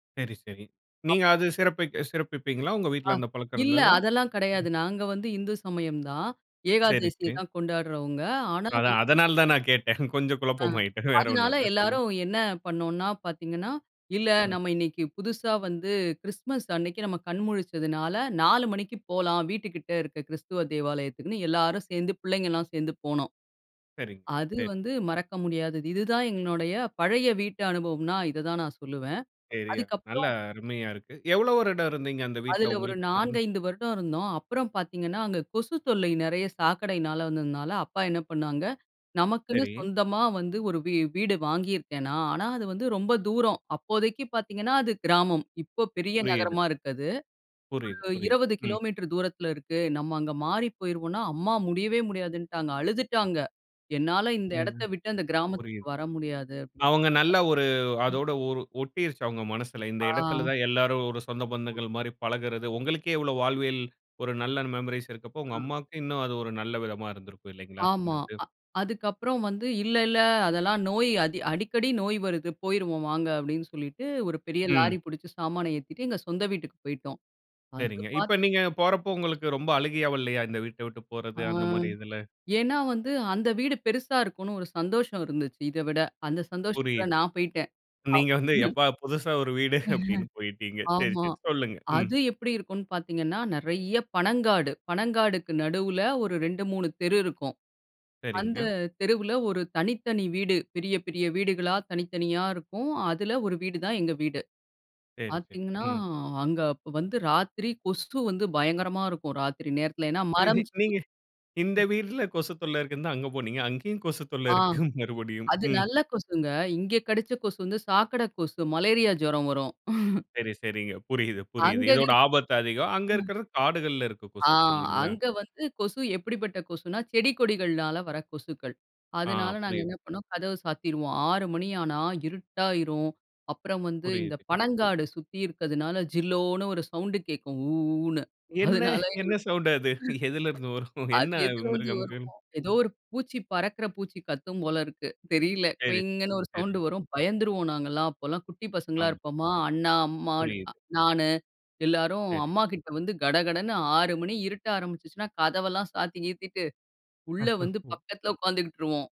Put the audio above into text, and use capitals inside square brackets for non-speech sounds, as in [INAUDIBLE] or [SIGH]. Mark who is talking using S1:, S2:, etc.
S1: சரி, சரி.
S2: அ,
S1: நீங்க அது சிறப்பிக்க சிறப்பிப்பீங்களா? உங்க
S2: ஆ,
S1: வீட்ல அந்த பழக்கம்
S2: இல்லை
S1: இருந்ததா?
S2: அதெல்லாம் கிடையாது.
S1: ம்.
S2: நாங்க வந்து இந்து சமயம் தான்.
S1: சரி,
S2: ஏகாதேசிய
S1: சரி.
S2: தான் கொண்டாடுறவங்க. ஆனா
S1: அதா
S2: வந்து
S1: அதனால தான் நான் கேட்டேன். கொஞ்சம்
S2: அ,
S1: குழப்பம் ஆயிட்டேன். வேற ஒண்ணும்
S2: அதுனால
S1: இல்ல. சொல்லுங்க.
S2: எல்லாரும் என்ன பண்ணோம்ன்னா, பாத்தீங்கன்னா, "இல்ல
S1: ம்.
S2: நம்ம இன்னைக்கு புதுசா வந்து கிறிஸ்துமஸ் அன்னைக்கு நம்ம கண் முழிச்சதுனால, 4:00 மணிக்கு போலாம். வீட்டு கிட்ட இருக்க கிறிஸ்துவ தேவாலயத்துக்குன்னு" எல்லாரும் சேந்து, பிள்ளைங்க எல்லாம் சேந்து போனோம்.
S1: சரிங்
S2: அது
S1: சரி.
S2: வந்து மறக்க முடியாதது. இதுதான் எங்களுடைய பழைய வீட்டு அனுபவம்னா இத தான் நான் சொல்லுவேன்.
S1: சரி ய
S2: அதுக்கப்புறம்
S1: நல்லா அருமையா இருக்கு. எவ்வளோ வருடம் இருந்தீங்க. அந்த வீட்ல?
S2: அதில ஒரு
S1: உங்களுக்கு
S2: நான்கு,
S1: தெரிந்த
S2: ஐந்து வருடம் இருந்தோம். அப்புறம் பாத்தீங்கன்னா அங்க கொசு தொல்லை நிறைய சாக்கடையினால வந்ததுனால, அப்பா என்ன பண்ணாங்க, நமக்குன்னு
S1: சரி.
S2: சொந்தமா வந்து ஒரு வீ வீடு வாங்கியிருக்கேன் நான். ஆனா, அது வந்து ரொம்ப தூரம் அப்போதைக்கு பாத்தீங்கன்னா, அது கிராமம். இப்போ பெரிய
S1: புரியுது.
S2: நகரமா இருக்கு அது.
S1: புரியுது,
S2: ஒரு
S1: புரியுது.
S2: 20
S1: ம்.
S2: கிலோமீட்டர் தூரத்தில இருக்கு. நம்ம அங்க மாறி போயிருவோன்னா, அம்மா முடியவே முடியாதுன்ட்டாங்க. அழுதுட்டாங்க. "என்னால இந்த
S1: ஏன்னா,
S2: எடத்தை விட்டு அந்த கிராமத்துக்கு
S1: புரியுது.
S2: வர முடியாது"
S1: அவுங்க நல்லா ஒரு
S2: ம்.
S1: அதோட ஒரு ஒட்டிருச்சு அவுங்க மனசுல. இந்த இடத்தில
S2: ஆ,
S1: தான் எல்லாரும் ஒரு சொந்த
S2: ம்.
S1: பந்தங்கள் மாரி பழகுறது உங்களுக்கே இவ்ளோ வாழ்வில் ஒரு நல்ல மெமரீஸ் இருக்கப்போ,
S2: ஆ.
S1: உங்க அம்மாவுக்கு இன்னும் அது ஒரு நல்ல விதமா இருந்திருக்கும். இல்லைங்களா? இந்த
S2: ஆமா.
S1: இது.
S2: அ அதுக்கப்புறம் வந்து, இல்லை இல்லை, அதெல்லாம் நோய் "அடிக்கடி நோய் வருது, போய்ருவோம் வாங்க" அப்டின்னு என்று சொல்லிட்டு ஒரு பெரிய
S1: ம்.
S2: லாரி பிடிச்சு சாமானை ஏத்திட்டு எங்க சொந்த வீட்டுக்கு போய்ட்டோம். அது
S1: சரிங்க. இப்போ
S2: பாத்
S1: நீங்க போறப்போ உங்களுக்கு ரொம்ப அழுகையா வல்லயா? இந்த வீட்டை விட்டு போறது,
S2: ஆ,
S1: அந்த மாரி இதில!
S2: ஏன்னா வந்து, அந்த வீடு பெருசா இருக்கும்ன்னு ஒரு சந்தோஷம் இருந்துச்சு. இதை விட. அந்த சந்தோஷத்தில
S1: புரியுது.
S2: நான் போயிட்டேன். அ,
S1: நீங்க வந்து,
S2: மு
S1: எப்பா புதுசா ஒரு வீடு அப்டின்னு
S2: [LAUGHS]
S1: போயிட்டீங்க. சரி,
S2: ஆமா.
S1: சரி சொல்லுங்க. ம்.
S2: அது எப்படி இருக்கும்ன்னு பாத்தீங்கன்னா, நெறைய பனங்காடு. பனங்காடுக்கு நடுவுல ஒரு 2, 3 தெரு இருக்கும். அந்த
S1: சரிங்க.
S2: தெருவில, ஒரு தனித்தனி வீடு. பெரிய பெரிய வீடுகளா, தனித்தனியா இருக்கும். அதில ஒரு வீடு தான் எங்க வீடு.
S1: சரி, சரி.
S2: பாத்தீங்கன்னா,
S1: ம்.
S2: அங்க அப்ப வந்து ராத்திரி கொசு வந்து பயங்கரமா இருக்கும். ராத்திரி நேரத்துல. ஏன்னா,
S1: இ இ
S2: மரம் செடி.
S1: நீங்க இந்த
S2: ம்.
S1: வீட்ல கொசு தொல்லை இருக்குன்னு தான் அங்க போனீங்க. அங்கேயும் கொசு தொல்லை
S2: ஆ.
S1: இருக்கு [CHUCKLES] மறுபடியும்.
S2: அது
S1: ம்.
S2: நல்ல கொசுங்க இங்க கடிச்ச கொசு வந்து, சாக்கடை கொசு. மலேரியா ஜுரம் வரும். [LAUGHS]
S1: சரி, சரிங்க. புரியுது, புரியுது.
S2: அந்தது
S1: இதோட
S2: இரு
S1: ஆபத்து அதிகம். அங்கு
S2: ம்,
S1: இருக்கிறது காடுகள்ல இருக்க
S2: ஆ
S1: கொசு. இல்லைங்களா?
S2: அங்க வந்து கொசு எப்படிப்பட்ட கொசுன்னா, செடி கொடிகள்னால வர கொசுக்கள்.
S1: ஆ,
S2: அதனால நாங்க
S1: புரியுது.
S2: என்ன பண்ணோம் கதவு சாத்திருவோம். 6:00 மணி ஆனா, இருட்டாயிரும். அப்புறம் வந்து இந்த
S1: புரியுது.
S2: பனங்காடு சுத்தி இருக்துனால, ஜில்லோன்னு ஒரு சவுண்ட் கேட்கும். ஊஊன்னு
S1: என்ன?
S2: அதனால எங்களுக்கு,
S1: என்ன சவுண்ட் அது? எதிலருந்து வரும்?
S2: அது
S1: என்ன
S2: எதில வந்து
S1: மிருகம்கள்?
S2: வருமோ ஏதோ ஒரு பூச்சி, பறக்கிற பூச்சி கத்தும் போல இருக்கு. தெரியலை.
S1: சரி,
S2: குயிங்ன்னு ஒரு
S1: சரி.
S2: சவுண்ட் வரும். பயந்துருவோம் நாங்க எல்லாம். அப்போ எல்லாம் குட்டி பசங்களா
S1: ஆமா.
S2: இருப்போமா? அண்ணா, அம்மா,
S1: புரியுது.
S2: நானு எல்லாரும்
S1: சரி.
S2: அம்மா கிட்ட வந்து, கடகடன்னு 6:00 மணி இருட்ட ஆரம்பிச்சுச்சுன்னா, கதவெல்லாம் சாத்தி கீத்திட்டு, உள்ளே வந்து
S1: [LAUGHS]
S2: பக்கத்தில உக்காந்துகிட்ருவோம்.